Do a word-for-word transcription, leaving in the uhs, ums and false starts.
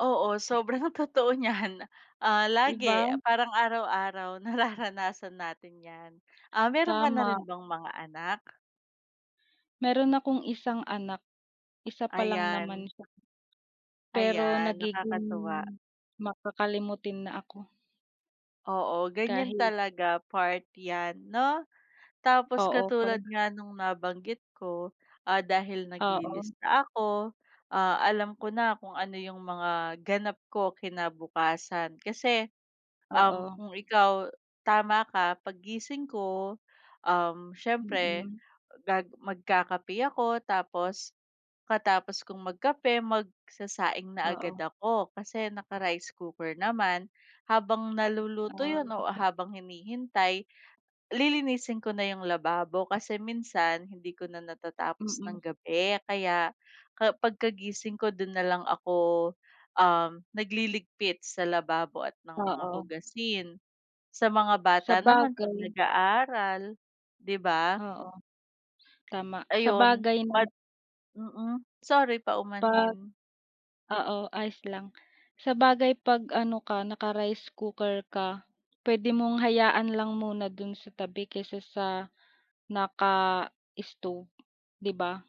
Oo, sobrang totoo niyan ah, lagi Iba. parang araw-araw nararanasan natin yan. Ah, meron ka na rin Tama. bang mga anak? Meron akong isang anak, isa pa lang Ayan. naman siya. Pero Ayan, nagiging nakakatuwa. makakalimutin na ako. Oo, ganyan Kahit talaga part yan, 'no? Tapos Oo, pag katulad nga nung nabanggit ko, ah, dahil Oo. naglilista ako, ah, alam ko na kung ano yung mga ganap ko kinabukasan. Kasi, um, Oo. kung ikaw tama ka pag gising ko, um, siyempre Mm. gag magkakape ako tapos, pagkatapos kung magkape, magsasaing na agad Oo. ako, kasi naka-rice cooker naman. Habang naluluto yun Ah. o habang hinihintay, lilinisin ko na yung lababo, kasi minsan hindi ko na natatapos ng Mm. gabi kaya ka pagkagising ko dun nalang ako, um, nagliligpit sa lababo at ng mga Oo. hugasin. Sa mga bata naman pag Sabagay. nag-aaral, di ba? Oo, tama. Ayun. Sabagay nama Mad Mm, sorry, Pag paumanhin. oo ayos lang, sabagay pag ano ka, naka-rice cooker ka, puwede mong hayaan lang muna dun sa tabi, kesa sa naka-stove. Di ba?